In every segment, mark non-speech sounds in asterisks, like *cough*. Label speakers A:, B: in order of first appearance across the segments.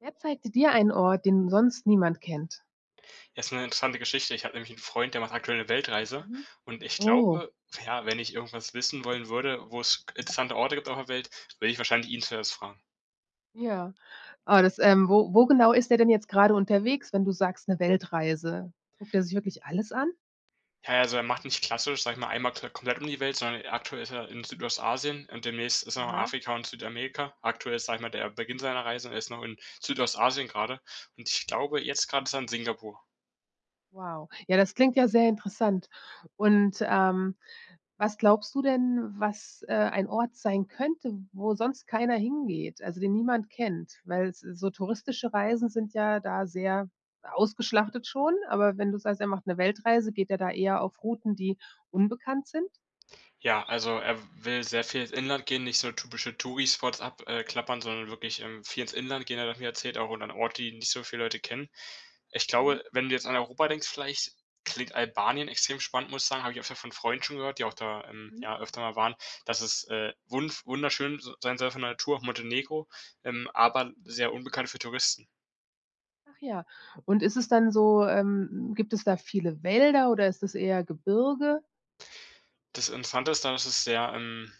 A: Wer zeigte dir einen Ort, den sonst niemand kennt?
B: Ja ist 'ne interessante Geschichte. Ich habe nämlich 'n Freund, der macht aktuell 'ne Weltreise
A: Mhm,
B: und ich
A: oh.
B: glaube, ja, wenn ich irgendwas wissen wollen würde, wo es interessante Orte gibt auf der Welt, würde ich wahrscheinlich ihn zuerst fragen.
A: Ja, oh, das, ähm wo wo genau ist der denn jetzt grade unterwegs, wenn du sagst, 'ne Weltreise? Guckt der sich wirklich alles an?
B: Ja, also er macht nicht klassisch, sage ich mal, einmal ko komplett um die Welt, sondern aktuell ist er in Südostasien und demnächst ist er in
A: Aha.
B: Afrika und Südamerika. Aktuell ist, sage ich mal, der Beginn seiner Reise. Er ist noch in Südostasien grade und ich glaube, jetzt grad ist er in Singapur.
A: Wow. Ja, das klingt ja sehr interessant. Und, ähm, was glaubst du denn, was, äh, ein Ort sein könnte, wo sonst keiner hingeht, also den niemand kennt? Weil so so touristische Reisen sind ja da sehr ausgeschlachtet schon, aber wenn du sagst, er macht 'ne Weltreise, geht er da eher auf Routen, die unbekannt sind?
B: Ja, also er will sehr viel ins Inland gehen, nicht so typische Touri Spots ab, äh, klappern, sondern wirklich, ähm, viel ins Inland gehen. Er hat mir erzählt auch und an Orte, die nicht so viele Leute kennen. Ich glaube,
A: Mhm.
B: wenn du jetzt an Europa denkst vielleicht, klingt Albanien extrem spannend, muss ich sagen, habe ich öfter von Freunden schon gehört, die auch da, ähm,
A: Mhm.
B: ja öfter mal waren, dass es, äh, wundv wunderschön s sein soll von der Natur, auch Montenegro, ähm, aber sehr unbekannt für Touristen.
A: Ach ja. Und ist es dann so, ähm, gibt es da viele Wälder oder ist das eher Gebirge?
B: Das Interessante daran ist, es ist sehr, ähm,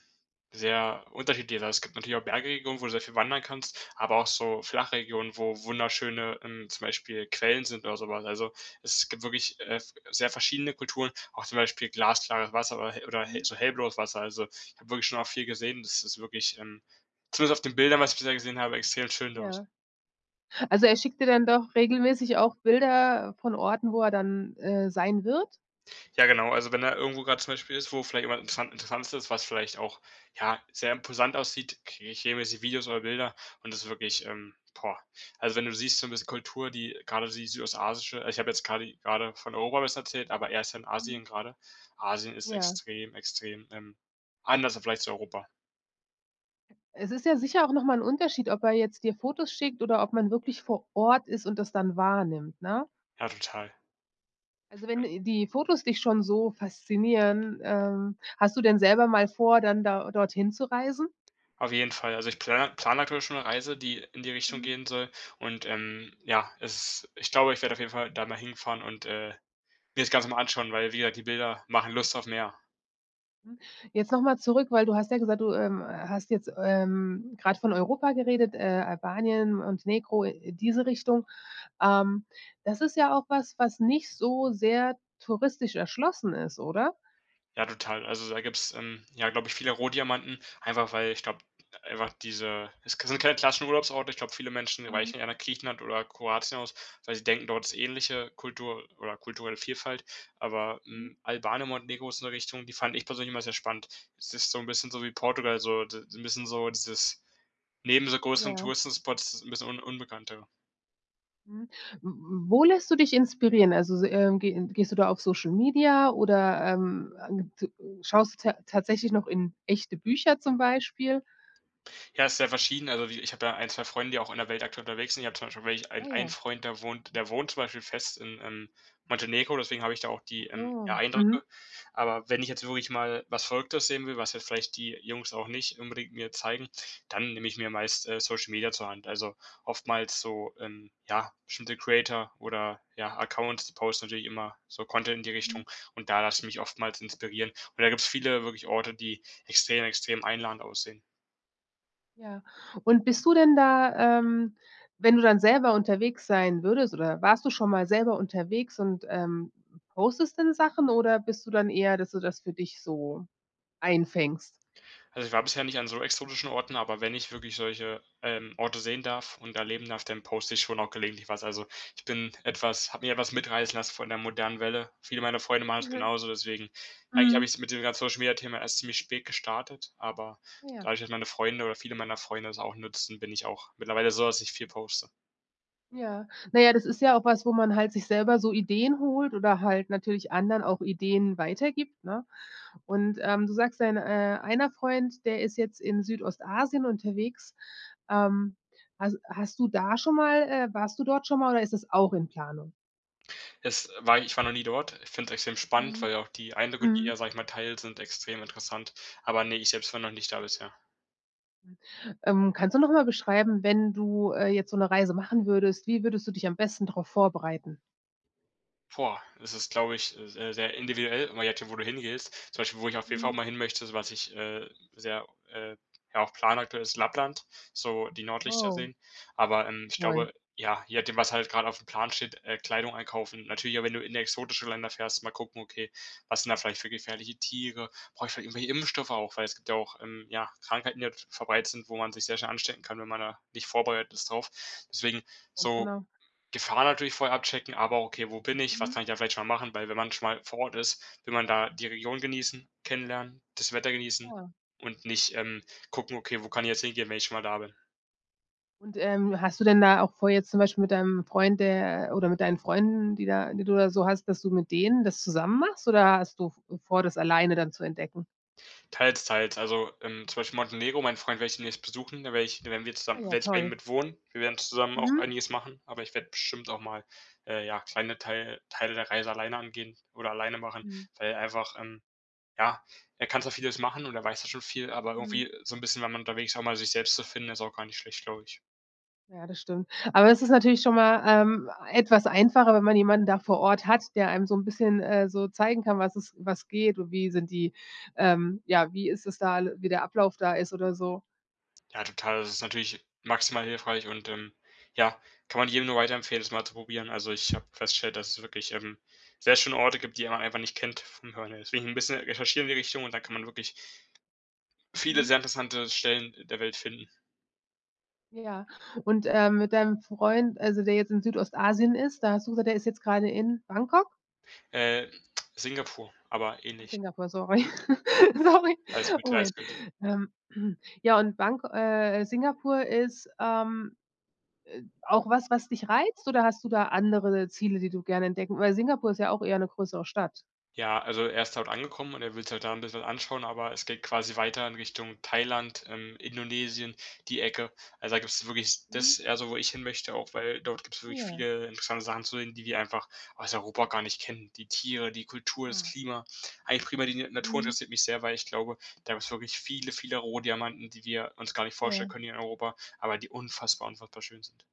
B: sehr unterschiedlich. Also, es gibt natürlich auch Bergregionen, wo du sehr viel wandern kannst, aber auch so Flachregionen, wo wunderschöne, ähm, zum Beispiel Quellen sind oder so was. Also, es gibt wirklich, äh, f sehr verschiedene Kulturen, auch zum Beispiel glasklares Wasser oder he oder hell
A: Mhm.
B: so hellblaues Wasser. Also, ich hab wirklich schon auch viel gesehen. Das ist wirklich, ähm, zumindest auf den Bildern, was ich bisher gesehen habe, extrem schön dort.
A: Ja. Also er schickt dir dann doch regelmäßig auch Bilder von Orten, wo er dann, äh, sein wird?
B: Ja genau, also wenn er irgendwo grad, zum Beispiel, ist, wo vielleicht jemand Interessant Interessantes ist, was vielleicht auch, ja, sehr imposant aussieht, kriege ich regelmäßig Videos oder Bilder und das ist wirklich, ähm, boah. Also wenn du siehst, so 'n bisschen Kultur, die grade dieses südostasiatische ich hab jetzt grade grade von Europa was erzählt, aber er ist ja in
A: Mhm.
B: Asien grade. Asien ist
A: Ja.
B: extrem extrem, ähm, anders im Vergleich zu Europa.
A: Es ist ja sicher auch noch mal 'n Unterschied, ob er jetzt dir Fotos schickt oder ob man wirklich vor Ort ist und das dann wahrnimmt, ne?
B: Ja, total.
A: Also, wenn die Fotos dich schon so faszinieren, ähm, hast du denn selber mal vor, dann da dorthin zu reisen?
B: Auf jeden Fall, also ich pla plan aktuell schon 'ne Reise, die in die Richtung
A: Mhm.
B: gehen soll und, ähm, ja, es ich glaube, ich werde auf jeden Fall da mal hinfahren und, äh, mir das Ganze mal anschauen, weil, wie gesagt, die Bilder machen Lust auf mehr.
A: Mhm. Jetzt noch mal zurück, weil du hast ja gesagt, du, ähm, hast jetzt, ähm, grad von Europa geredet, äh, Albanien, Montenegro, äh, diese Richtung. Ähm, das ist ja auch was, was nicht so sehr touristisch erschlossen ist, oder?
B: Ja, total. Also, da gibt's, ähm, ja, glaub ich, viele Rohdiamanten, einfach weil ich glaub, einfach diese es k sind keine klassischen Urlaubsorte. Ich glaub, viele Menschen
A: Mhm.
B: weichen eher nach Griechenland oder Kroatien aus, weil sie denken, dort ist ähnliche Kultur oder kulturelle Vielfalt. Aber,
A: Mhm.
B: hm, Albanien und Montenegro ist 'ne Richtung, die fand ich persönlich immer sehr spannend. Es ist so 'n bisschen so wie Portugal, so, d das ist 'n bisschen so dieses neben so größeren
A: Ja.
B: Touristenspots ist 'n bisschen un unbekannter.
A: Mhm, w w wo lässt du dich inspirieren? Also, s ähm, ge ge gehst du da auf Social-Media oder, ähm, äh, g t schaust du tat tatsächlich noch in echte Bücher, zum Beispiel?
B: Ja, ist sehr verschieden. Also wie ich hab ja 1, 2 Freunde, die auch in der Welt aktuell unterwegs sind. Ich hab, zum Beispiel, welche
A: Ah,
B: ein einen
A: ja.
B: Freund, der wohnt der wohnt, zum Beispiel, fest in, ähm, Montenegro, deswegen hab ich da auch die, ähm, ja,
A: Achso,
B: Eindrücke.
A: mhm.
B: Aber wenn ich jetzt wirklich mal was Verrücktes sehen will, was jetzt vielleicht die Jungs auch nicht unbedingt mir zeigen, dann nehme ich mir meist, äh, Social-Media zur Hand. Also oftmals so, ähm, ja, bestimmte Creator oder ja Accounts posten natürlich immer so Content in die
A: Mhm.
B: Richtung und da lasse ich mich oftmals inspirieren. Und da gibt's viele wirklich Orte, die extrem, extrem einladend aussehen.
A: Ja, und bist du denn da, ähm, wenn du dann selber unterwegs sein würdest oder warst du schon mal selber unterwegs und, ähm, postest denn Sachen oder bist du dann eher, dass du das für dich so einfängst?
B: Also, ich war bisher nicht an so exotischen Orten, aber wenn ich wirklich solche, ähm, Orte sehen darf und erleben darf, dann poste ich schon auch gelegentlich was. Also ich bin etwas habe mir etwas mitreißen lassen von der modernen Welle. Viele meiner Freunde machen das
A: Mhm.
B: genauso, deswegen eigentlich habe
A: Mhm.
B: ich's mit diesem ganzen Social-Media-Thema erst ziemlich spät gestartet, aber
A: Ja.
B: dadurch, dass meine Freunde oder viele meiner Freunde das auch nutzen, bin ich auch mittlerweile so, dass ich viel poste.
A: Ja. Na ja, das ist ja auch was, wo man, halt, sich selber so Ideen holt oder, halt, natürlich anderen auch Ideen weitergibt, ne? Und, ähm, du sagst dein, äh, einer Freund, der ist jetzt in Südostasien unterwegs. Ähm, has hast du da schon mal, äh, warst du dort schon mal oder ist das auch in Planung?
B: Es war ich war noch nie dort. Ich find's extrem spannend, weil
A: Mhm.
B: ja auch die Eindrücke, die er,
A: Mhm.
B: sage ich mal, teilt, sind extrem interessant. Aber, ne, ich selbst war noch nicht da bisher.
A: Mhm. Ähm, kannst du noch mal beschreiben, wenn du, äh, jetzt so 'ne Reise machen würdest, wie würdest du dich am besten drauf vorbereiten?
B: Boah, das ist, glaub ich, äh, se sehr individuell immer jetzt schon, wo du hingehst. Zum Beispiel, wo ich auf jeden Fall
A: Mhm.
B: mal hin möchte, so was ich, äh, sehr, äh ja auch planaktuell ist Lappland, so die Nordlichter
A: Wow.
B: sehen. Aber, ähm, ich
A: Woll.
B: glaube ja, je nachdem, was halt grad auf dem Plan steht, äh, Kleidung einkaufen. Natürlich auch, wenn du in exotische Länder fährst, mal gucken: „Okay, was sind da vielleicht für gefährliche Tiere? Brauch ich vielleicht irgendwelche Impfstoffe auch?“ Weil es gibt ja auch, ähm, ja Krankheiten, die halt verbreitet sind, wo man sich sehr schnell anstecken kann, wenn man da nicht vorbereitet ist drauf. Deswegen
A: Ganz
B: so,
A: genau.
B: Gefahr natürlich vorher abchecken. Aber okay: „Wo bin ich? Was kann
A: Mhm.
B: ich da vielleicht schon mal machen?“ Weil wenn man schon mal vor Ort ist, will man da die Region genießen, kennenlernen, das Wetter genießen
A: Ja.
B: und nicht, ähm, gucken: „Okay, wo kann ich jetzt hingehen, wenn ich schon mal da bin.“
A: Und, ähm, hast du denn da auch vor jetzt zum Beispiel mit deinem Freund, äh, oder mit deinen Freunden, die da die du da so hast, dass du mit denen das zusammen machst oder hast du v vor, das alleine dann zu entdecken?
B: Teils, teils. Also, ähm, zum Beispiel Montenegro. Meinen Freund werde ich demnächst besuchen, da werde ich da werden wir
A: Ah
B: zusammen da
A: ja
B: werde ich bei ihm
A: toll.
B: mit wohnen. Wir werden zusammen auch
A: Mhm.
B: einiges machen, aber ich werde bestimmt auch mal, äh, ja kleine Teil Teile der Reise alleine angehen oder alleine machen,
A: Mhm.
B: weil einfach, ähm ja er kann zwar vieles machen und er weiß ja schon viel, aber
A: Mhm.
B: irgendwie so 'n bisschen, wenn man unterwegs ist auch mal sich selbst zu finden, ist auch gar nicht schlecht, glaub ich.
A: Ja, das stimmt. Aber es ist natürlich schon mal, ähm, etwas einfacher, wenn man jemanden da vor Ort hat, der einem so 'n bisschen, äh, so zeigen kann, was es was geht und wie sind die, ähm ja, wie ist es da wie der Ablauf da ist oder so.
B: Ja, total. Das ist natürlich maximal hilfreich und, ähm, ja, kann man jedem nur weiterempfehlen, das mal zu probieren. Also, ich habe festgestellt, dass es wirklich, ähm, sehr schöne Orte gibt, die man einfach nicht kennt vom Hören her. Deswegen 'n bisschen recherchieren in die Richtung und da kann man wirklich viele,
A: Mhm.
B: sehr interessante Stellen der Welt finden.
A: Ja und, ähm, mit deinem Freund also, der jetzt in Südostasien ist, da hast du gesagt, der ist jetzt grade in Bangkok?
B: Äh, *clicks tongue* Singapur, aber
A: Ach
B: ähnlich.
A: Singapur, sorry.
B: Alles
A: *chuckles*
B: gut.
A: Sorry.
B: Alles gut.
A: Oh,
B: Ja,
A: Mann.
B: alles gut.
A: Ähm. *clears throat* Äh, ja, und Bangko äh, Singapur ist, ähm, äh, auch was, was dich reizt? Oder hast du da andere Ziele, die du gerne entdecken Weil Singapur ist ja auch eher 'ne größere Stadt.
B: Ja, also, er ist dort angekommen, und er will's halt da 'n bissl anschauen, aber es geht quasi weiter in Richtung Thailand, ähm, Indonesien, die Ecke. Also, da gibt's wirklich
A: Mhm.
B: das ist eher so, wo ich hinmöchte auch, weil dort gibt's
A: Ah
B: wirklich
A: ja.
B: viele interessante Sachen zu sehen, die wir einfach aus Europa gar nicht kennen. Die Tiere, die Kultur, das
A: Ah.
B: Klima. Eigentlich primär die Natur
A: Mhm.
B: interessiert mich sehr, weil ich glaube, da gibt's wirklich viele, viele Rohdiamanten, die wir uns gar nicht vorstellen
A: Ja.
B: können hier in Europa, aber die unfassbar unfassbar schön sind.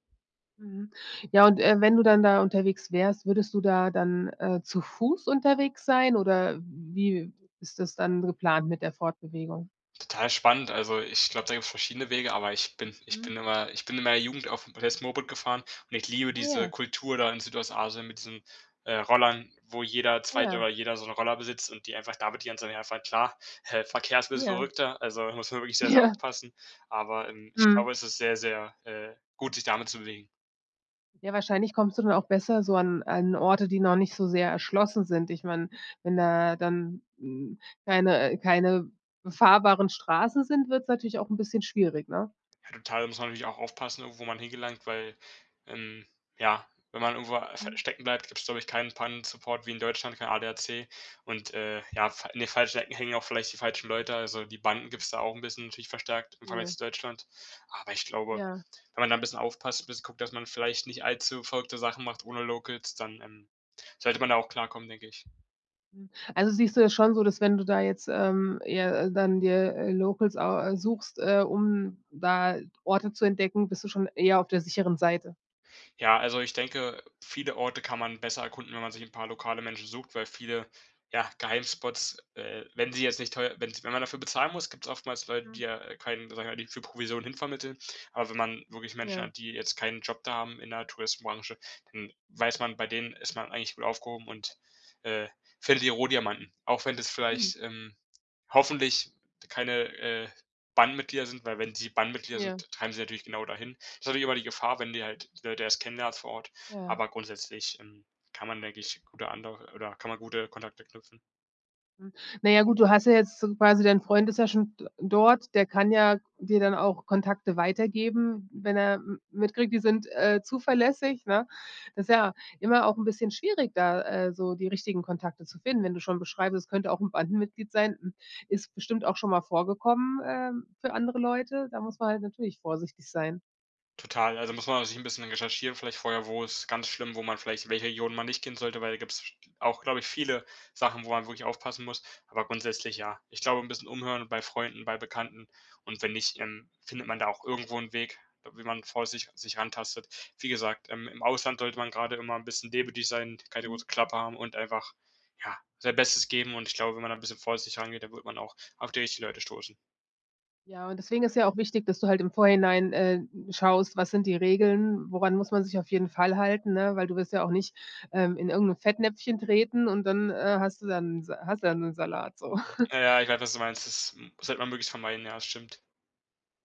A: Mhm, ja, und, äh, wenn du dann da unterwegs wärst, würdest du da dann, äh, zu Fuß unterwegs sein oder w wie ist das dann geplant mit der Fortbewegung?
B: Total spannend, also ich glaube, da gibt's verschiedene Wege, aber ich bin ich
A: Mhm.
B: bin immer ich bin in meiner Jugend auf *unintelligible* Moped gefahren und ich liebe
A: Ah
B: diese
A: ja.
B: Kultur da in Südostasien mit diesen, äh, Rollern, wo jeder
A: Ah
B: 2.
A: ja.
B: oder jeder so 'n Roller besitzt und die einfach damit die ganze Zeit hin und her fahren, klar, hä Verkehrs ist bissel
A: Ja.
B: verrückter, also muss man wirklich sehr sehr
A: Ja.
B: aufpassen, aber, ähm, ich glaube,
A: Mhm.
B: es ist sehr sehr, äh, gut, sich damit zu bewegen.
A: Ja, wahrscheinlich kommst du dann auch besser so an an Orte, die noch nicht so sehr erschlossen sind. Ich meine, wenn da dann, hm, keine keine befahrbaren Straßen sind, wird's natürlich auch 'n bisschen schwierig, ne?
B: Ja, total, da muss man natürlich auch aufpassen, wo man hingelangt, weil, ähm, ja, wenn man irgendwo s
A: Mhm.
B: stecken bleibt, gibt's glaube ich keinen Pannensupport wie in Deutschland, kein ADAC und, äh, ja, fa in den falschen Ecken hängen auch vielleicht die falschen Leute. Also die Banden gibt's da auch 'n bisschen, natürlich verstärkt im Vergleich
A: Ne.
B: zu Deutschland. Aber ich glaube,
A: Ja.
B: wenn man da 'n bisschen aufpasst 'n bisschen guckt, dass man vielleicht nicht allzu verrückte Sachen macht ohne Locals, dann, ähm, sollte man da auch klarkommen, denke ich.
A: Hm, also, siehst du ja schon so, dass wenn du da jetzt, ähm, eher dann dir, äh, Locals au äh, suchst, äh, um da Orte zu entdecken, bist du schon eher auf der sicheren Seite?
B: Ja, also ich denke, viele Orte kann man besser erkunden, wenn man sich 'n paar lokale Menschen sucht, weil viele, ja, Geheimspots, äh, wenn sie jetzt nicht teue wenn's wenn man dafür bezahlen muss, gibt's oftmals Leute, die,
A: Mhm.
B: ja, keinen, sag ich mal die für Provision hin vermitteln, aber wenn man wirklich Menschen
A: Ja.
B: hat, die jetzt keinen Job da haben in der Touristenbranche, dann weiß man, bei denen ist man eigentlich gut aufgehoben und, äh, findet die Rohdiamanten. Auch wenn das
A: Mhm.
B: vielleicht, ähm, hoffentlich keine, äh, Bandenmitglieder sind weil wenn sie Bandmitglieder
A: Ja.
B: sind, treiben sie natürlich genau dahin. Ist natürlich immer die Gefahr, wenn du halt die Leute erst kennenlernst vor Ort.
A: Ja.
B: Aber grundsätzlich, ähm, kann man, denke ich, gut da ander oder kann man gute Kontakte knüpfen.
A: Hm, na ja, gut, du hast ja jetzt so quasi dein Freund ist ja schon d dort, der kann ja dir dann auch Kontakte weitergeben, wenn er m mitkriegt, die sind, äh, zuverlässig, ne? Das ja immer auch 'n bisschen schwierig, da, äh, so die richtigen Kontakte zu finden. Wenn du schon beschreibst, es könnte auch 'n Bandenmitglied sein. Hm, ist bestimmt auch schon mal vorgekommen, ähm, für andere Leute. Da muss man halt natürlich vorsichtig sein.
B: Total, also muss man sich 'n bisschen recherchieren, vielleicht vorher wo ist ganz schlimm, wo man vielleicht welche Regionen man nicht kennen sollte, weil da gibt's sch auch, glaub ich, viele Sachen, wo man wirklich aufpassen muss, aber grundsätzlich ja. Ich glaube 'n bisschen umhören bei Freunden, bei Bekannten und wenn nicht, ähm, findet man da auch irgendwo 'n Weg, wie man vorsichtig sich rantastet. Wie gesagt, ähm, im Ausland sollte man grade immer 'n bisschen demütig sein, keine
A: Mhm.
B: große Klappe haben und einfach, ja, sein Bestes geben. Und ich glaube, wenn man da 'n bisschen vorsichtig rangeht, dann wird man auch auf die richtigen Leute stoßen.
A: Ja, und deswegen ist ja auch wichtig, dass du halt im Vorhinein, äh, schaust, was sind die Regeln? Woran muss man sich auf jeden Fall halten, ne? Weil du willst ja auch nicht, ähm, in irgend 'n Fettnäpfchen treten und dann, äh, hast du dann Sa hast du dann den Salat so. *chuckles*
B: Ja, ja, ich weiß, was du meinst. Das, ähm, sollte man möglichst vermeiden. Ja, das stimmt.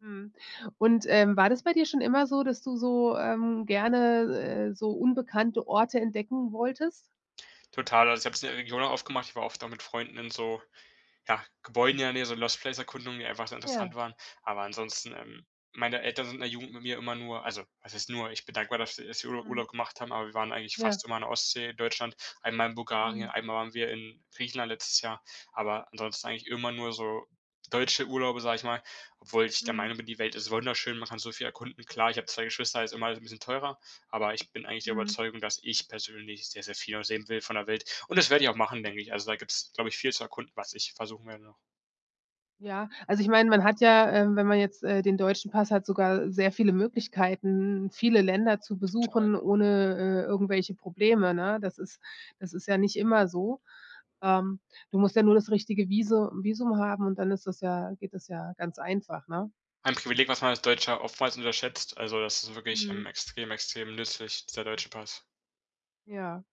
A: Mhm, und, ähm, war das bei dir schon immer so, dass du so, ähm, gerne, äh, so unbekannte Orte entdecken wolltest?
B: Total, also ich hab's in der Region oft gemacht, ich war oft auch mit Freunden in so, ja, Gebäuden ja, ne, so Lost Place Erkundungen, die einfach so interessant
A: Ja.
B: waren. Aber ansonsten, ähm, meine Eltern sind in der Jugend mit mir immer nur also was heißt nur, ich bin dankbar, dass, äh, dass wir Urlaub
A: Mhm.
B: Urlaub gemacht haben, aber wir waren eigentlich
A: Ja.
B: fast immer an der Ostsee in Deutschland. Einmal in Bulgarien,
A: Mhm.
B: einmal waren wir in Griechenland letztes Jahr, aber ansonsten eigentlich immer nur so deutsche Urlaube, sag ich mal, obwohl ich der
A: Mhm.
B: Meinung bin, die Welt ist wunderschön, man kann so viel erkunden. Klar, ich hab 2 Geschwister, ist immer alles 'n bisschen teurer, aber ich bin eigentlich der
A: Mhm.
B: Überzeugung, dass ich persönlich sehr, sehr viel noch sehen will von der Welt. Und das werde ich auch machen, denk ich. Also da gibt's, glaub ich, viel zu erkunden, was ich versuchen werde noch.
A: Ja, also ich meine, man hat ja, ähm, wenn man jetzt, äh, den deutschen Pass hat, sogar sehr viele Möglichkeiten, viele Länder zu
B: Zu teuer.
A: besuchen, ohne, äh, irgendwelche Probleme, ne? Das ist das ist ja nicht immer so. Ähm, du musst ja nur das richtige Visu Visum haben und dann ist das ja geht das ja ganz einfach, ne?
B: Ein Privileg, was man als Deutscher oftmals unterschätzt. Also das ist wirklich, ähm,
A: Mhm.
B: extrem, extrem nützlich der deutsche Pass.
A: Ja.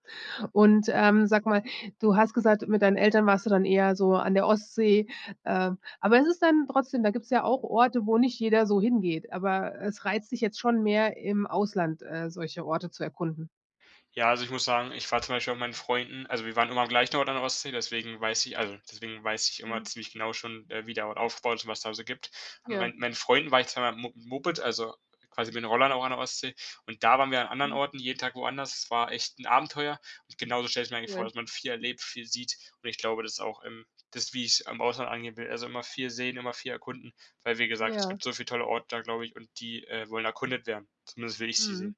A: Und, ähm, sag mal, du hast gesagt, mit deinen Eltern warst du dann eher so an der Ostsee, äh, aber ist es dann trotzdem da gibt's ja auch Orte, wo nicht jeder so hingeht, aber es reizt dich jetzt schon mehr im Ausland, äh, solche Orte zu erkunden.
B: Ja, also ich muss sagen, ich war zum Beispiel auch mit meinen Freunden, also wir waren immer am gleichen Ort an der Ostsee, deswegen weiß ich also deswegen weiß ich immer
A: Mhm.
B: ziemlich genau schon, äh, wie der Ort aufbaut, was da so gibt.
A: Ja.
B: Mein meinen Freunden war ich zweimal Mo Moped, also quasi bin in Holland auch an der Ostsee und da waren wir an anderen
A: Hm.
B: Orten jeden Tag woanders, es war echt 'n Abenteuer und genauso stelle ich mir eigentlich vor,
A: Cool.
B: dass man viel erlebt, viel sieht und ich glaube, das ist auch im das, wie ich's im Ausland angehen will, also immer viel sehen, immer viel erkunden, weil wie gesagt, es
A: Ja.
B: gibt so viel tolle Orte da, glaube ich, und die, äh, wollen erkundet werden, zumindest will ich sie sehen.
A: Mhm.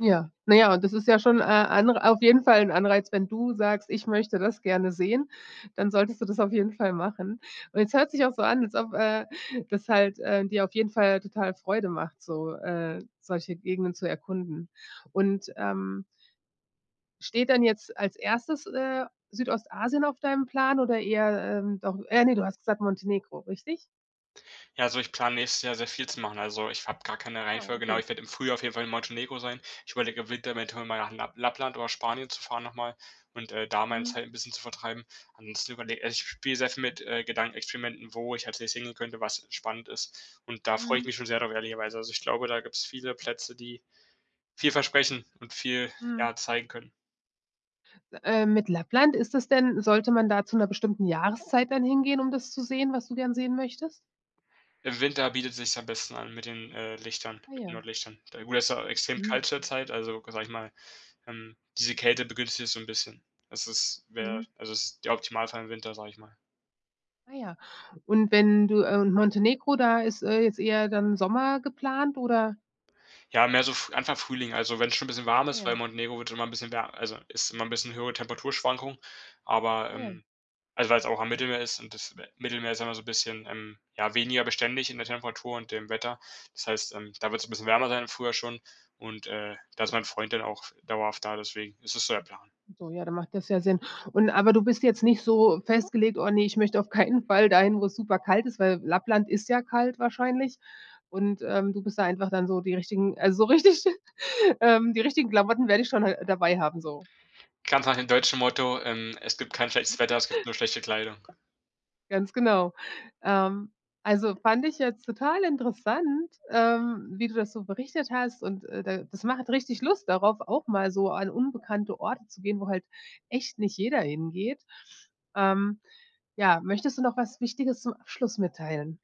A: Ja, na ja und das ist ja schon, äh, auf jeden Fall 'n Anreiz, andere wenn du sagst, ich möchte das gerne sehen, dann solltest du das auf jeden Fall machen. Und es hört sich auch so an, als ob, äh, das halt, äh, dir auf jeden Fall total Freude macht, so, äh, solche Gegenden zu erkunden. Und, ähm steht dann jetzt als Erstes, äh, Südostasien auf deinem Plan oder eher, ähm, doch äh, ne, du hast gesagt, Montenegro, richtig?
B: Ja, also ich plane nächstes Jahr sehr viel zu machen. Also ich habe gar keine
A: Ah,
B: Reihenfolge, genau.
A: okay.
B: Ich werde im Frühjahr auf jeden Fall in Montenegro sein. Ich überlege eventuell, im Winter mal nach Lapp Lappland oder Spanien zu fahren noch mal und, äh, da meine
A: Mhm.
B: Zeit 'n bisschen zu vertreiben und zu überle also ich spiel sehr viel mit, äh, Gedankenexperimenten, wo ich als nächstes hingehen könnte, was spannend ist und da freue ich mich
A: Mhm.
B: schon sehr darüber ehrlicherweise. Also ich glaube, da gibt's viele Plätze, die viel versprechen und viel,
A: Mhm.
B: ja, zeigen können.
A: Ähm, mit Lappland, ist das denn sollte man da zu 'ner bestimmten Jahreszeit dann hingehen, um das zu sehen, was du gern sehen möchtest?
B: Im Winter bietet sich's am besten an mit den, äh, Lichtern,
A: Ah
B: mit den
A: ja.
B: Nordlichtern. Ja, gut, da ist auch extrem
A: Mhm.
B: kalt zurzeit, also sage ich mal, ähm, diese Kälte begünstigt das so 'n bisschen. Das ist wäre,
A: Mhm.
B: also ist der Optimalfall im Winter, sage ich mal.
A: Ah ja. Und wenn du, äh, Montenegro, da ist, äh, jetzt eher dann Sommer geplant, oder?
B: Ja, mehr so, F Anfang Frühling, also wenn's schon 'n bisschen warm
A: Ah
B: ist, weil
A: ja.
B: Montenegro wird immer 'n bisschen wär also ist immer 'n bisschen höhere Temperaturschwankung, aber,
A: Ah ja.
B: ähm, also weil's auch am Mittelmeer ist und das, äh, Mittelmeer ist immer so bisschen, ähm, ja weniger beständig in der Temperatur und dem Wetter. Das heißt, ähm, da wird's 'n bisschen wärmer sein im Frühjahr schon und, äh, da ist mein Freund dann auch dauerhaft da, deswegen ist es so der Plan.
A: So, ja, dann macht das ja Sinn. Und aber du bist jetzt nicht so festgelegt: „Oh ne, ich möchte auf keinen Fall dahin, wo es super kalt ist.“ Weil Lappland ist ja kalt wahrscheinlich und, ähm, du bist da einfach dann so die richtigen also, so richtig ähm, die richtigen Klamotten werde ich schon hal dabei haben, so.
B: Ganz nach dem deutschen Motto: „Ähm, es gibt kein schlechtes Wetter, es gibt
A: *giggles*
B: nur schlechte Kleidung.“
A: Ganz genau. Ähm, also fand ich jetzt total interessant, ähm, wie du das so berichtet hast und äh da das macht richtig Lust darauf, auch mal so an unbekannte Orte zu gehen, wo halt echt nicht jeder hingeht. Ähm, ja, möchtest du noch was Wichtiges zum Abschluss mitteilen?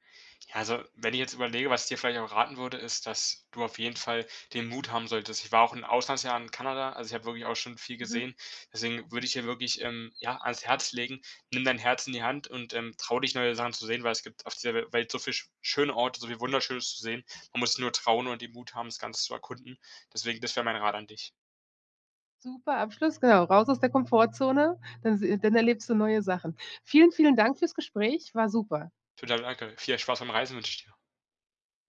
B: Ja, also wenn ich jetzt überlege, was ich dir vielleicht auch raten würde, ist, dass du auf jeden Fall den Mut haben solltest. Ich war auch 'n Auslandsjahr in Kanada, also ich habe wirklich auch schon viel
A: Mhm.
B: gesehen. Deswegen würde ich dir wirklich, ähm, ja, ans Herz legen, nimm dein Herz in die Hand und, ähm, trau dich neue Sachen zu sehen, weil es gibt auf dieser We Welt so viel sch schöne Orte, so viel Wunderschönes zu sehen. Man muss nur trauen und den Mut haben, das Ganze zu erkunden. Deswegen, das wäre mein Rat an dich.
A: Super, Abschluss, genau, raus aus der Komfortzone, dann seh dann erlebst du neue Sachen. Vielen, vielen Dank fürs Gespräch, war super.
B: Total, danke. Viel Spaß beim Reisen wünsche ich dir.